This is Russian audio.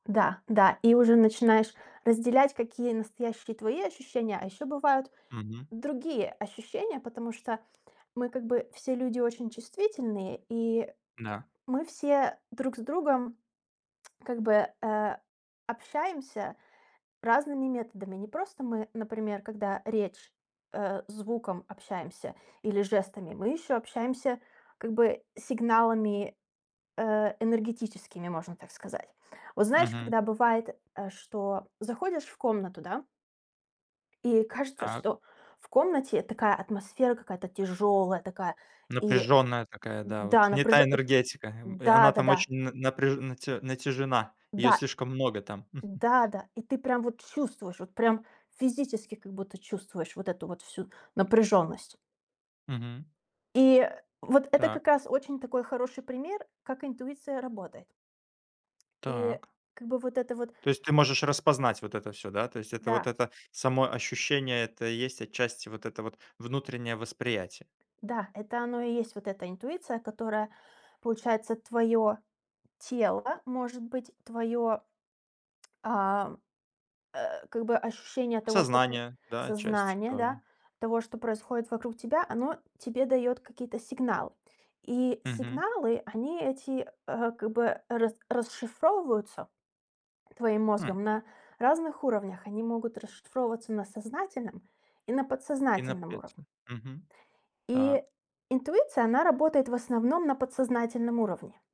Да, да. И уже начинаешь разделять, какие настоящие твои ощущения. А ещё бывают Мгм. другие ощущения, потому что мы как бы все люди очень чувствительные, и Да. мы все друг с другом как бы, э, общаемся разными методами. Не просто мы, например, когда речь, э, звуком общаемся или жестами, мы ещё общаемся как бы сигналами, э, энергетическими, можно так сказать. Вот знаешь, Мгм. когда бывает, э, что заходишь в комнату, да и кажется, Так. что в комнате такая атмосфера, какая-то тяжёлая, такая, и Напряженная такая, да, вот, да, не та напряжённая, и, энергетика, эм. И да она там да-да. очень на на напряж нате натежена, её Да. слишком много там. Да да. И ты прям вот чувствуешь, вот прям физически как будто чувствуешь вот эту вот всю напряжённость. Мгм. И вот это Так. как раз очень такой хороший пример, как интуиция работает. И Так. как бы вот это вот То есть ты можешь распознать вот это всё, да? То есть это вот Да. это само ощущение- это и есть отчасти вот это вот внутреннее восприятие? Да, это оно и есть, вот эта интуиция, которая, получается, твоё тело, может быть, твоё, а, э, как бы ощущение того, что п э, Сознание, да, часть сознание, тоже. да, того, что происходит вокруг тебя, оно тебе даёт какие-то сигналы. И Мгм. сигналы, они эти, э, как бы, рас расшифровываются твоим М. мозгом на разных уровнях. Они могут расшифровываться на сознательном и на И подсознательном напеть уровне. им. Мгм, И так. интуиция, она работает в основном на подсознательном уровне.